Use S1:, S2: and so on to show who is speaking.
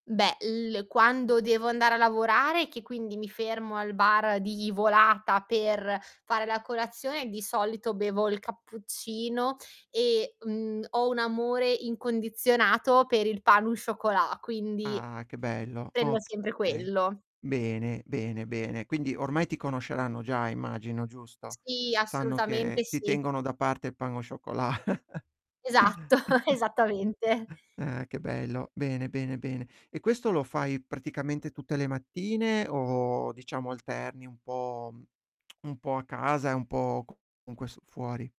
S1: Beh, il quando devo andare a lavorare, che quindi mi fermo al bar di volata per fare la colazione, di solito bevo il cappuccino e, mhmm, ho un amore incondizionato per il pain au chocolat, quindi,
S2: Ah, che bello,
S1: prendo sempre
S2: okay.
S1: quello.
S2: Bene, bene, bene. Quindi, ormai ti conosceranno già, immagino, giusto?
S1: Sì,
S2: Sanno
S1: assolutamente,
S2: che ti
S1: sì.
S2: tengono da parte il pain au chocolat.
S1: Esatto, esattamente.
S2: Eh, che bello. Bene, bene, bene. E questo lo fai praticamente tutte le mattine o, diciamo, alterni un po' un po' a casa e un po' c con questo, fuori.